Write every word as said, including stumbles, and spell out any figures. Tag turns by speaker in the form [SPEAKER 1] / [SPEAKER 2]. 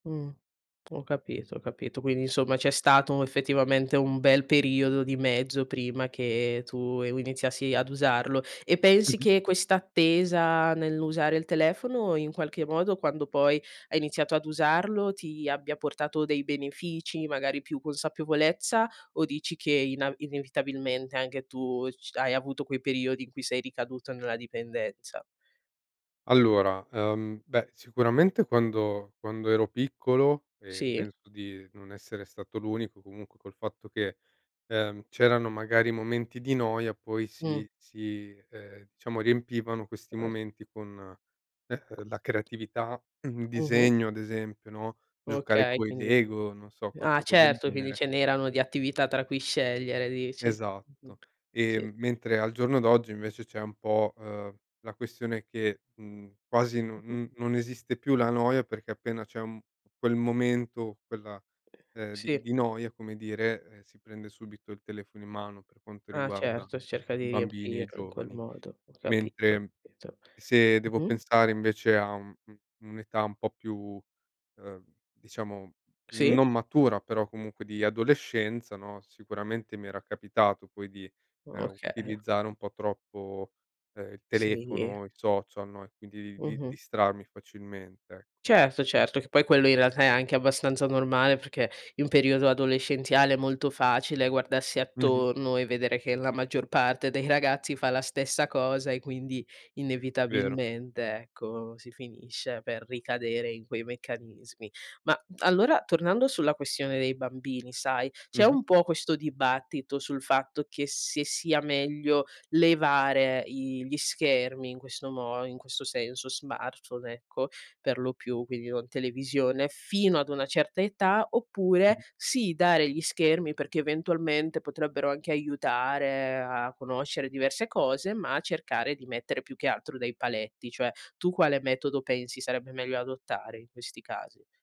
[SPEAKER 1] Mhmm. Ho capito ho capito. Quindi, insomma, c'è stato effettivamente un bel periodo di mezzo prima che tu iniziassi ad usarlo. E pensi
[SPEAKER 2] Mh-mh.
[SPEAKER 1] che questa attesa nell'usare il telefono in qualche modo quando poi hai iniziato ad usarlo, ti abbia portato dei benefici? Magari più consapevolezza? O dici che ina inevitabilmente anche tu c hai avuto quei periodi in cui sei ricaduto nella dipendenza?
[SPEAKER 2] Allora, uhm, beh, sicuramente quando quando ero piccolo e
[SPEAKER 1] Sì.
[SPEAKER 2] penso di non essere stato l'unico comunque col fatto che, ehm, c'erano magari momenti di noia poi
[SPEAKER 1] Mh.
[SPEAKER 2] si si, eh, diciamo riempivano questi
[SPEAKER 1] [unintelligible]
[SPEAKER 2] momenti con, ehm, la creatività, un
[SPEAKER 1] Mh-mh.
[SPEAKER 2] disegno ad esempio, no, giocare
[SPEAKER 1] Okay,
[SPEAKER 2] coi
[SPEAKER 1] quindi
[SPEAKER 2] lego, non so
[SPEAKER 1] ah,
[SPEAKER 2] qualcosa del
[SPEAKER 1] certo, quindi
[SPEAKER 2] genere.
[SPEAKER 1] ce n'erano di attività tra cui scegliere, dici. Mh-mh.
[SPEAKER 2] Esatto. E
[SPEAKER 1] Sì.
[SPEAKER 2] mentre al giorno d'oggi invece c'è un po', uhm, la questione che, mh, quasi non
[SPEAKER 1] Mh-mh.
[SPEAKER 2] n non esiste più la noia perché appena c'è un quel momento, quella ehm, di
[SPEAKER 1] Sì.
[SPEAKER 2] di noia come dire, eh, si prende subito il telefono in mano per quanto
[SPEAKER 1] Ah,
[SPEAKER 2] riguarda
[SPEAKER 1] certo, cerca
[SPEAKER 2] i
[SPEAKER 1] di
[SPEAKER 2] bambini e i
[SPEAKER 1] riempirlo in quel
[SPEAKER 2] giovani.
[SPEAKER 1] modo. Ho capito,
[SPEAKER 2] Mentre
[SPEAKER 1] pito
[SPEAKER 2] se devo
[SPEAKER 1] Mh-mh.
[SPEAKER 2] pensare invece a u u un'età un po' più, ehm, diciamo,
[SPEAKER 1] Sì.
[SPEAKER 2] non matura però comunque di adolescenza, no, sicuramente mi era capitato poi di, ehm,
[SPEAKER 1] Okay.
[SPEAKER 2] utilizzare un po' troppo, ehm, il
[SPEAKER 1] Sì.
[SPEAKER 2] telefono, i social, no, e quindi di
[SPEAKER 1] Mh-mh.
[SPEAKER 2] distrarmi facilmente, ecco.
[SPEAKER 1] Certo, certo, che poi quello in realtà è anche abbastanza normale perché in periodo adolescenziale è molto facile guardarsi
[SPEAKER 2] Mh-mh.
[SPEAKER 1] attorno e vedere che la maggior parte dei ragazzi fa la stessa cosa e quindi
[SPEAKER 2] Vero.
[SPEAKER 1] inevitabilmente, ecco, si finisce per ricadere in quei meccanismi. Ma allora tornando sulla questione dei bambini, sai. C'è
[SPEAKER 2] Mh-mh.
[SPEAKER 1] un po' questo dibattito sul fatto che se sia meglio levare i gli schermi in questo mo in questo senso, smartphone ecco, per lo più, quindi non televisione, fino ad una certa età, oppure
[SPEAKER 2] Mh-mh.
[SPEAKER 1] sì dare gli schermi perché eventualmente potrebbero anche aiutare a conoscere diverse cose, ma cercare di mettere più che altro dei paletti. Cioè, tu quale metodo pensi sarebbe meglio adottare in questi casi?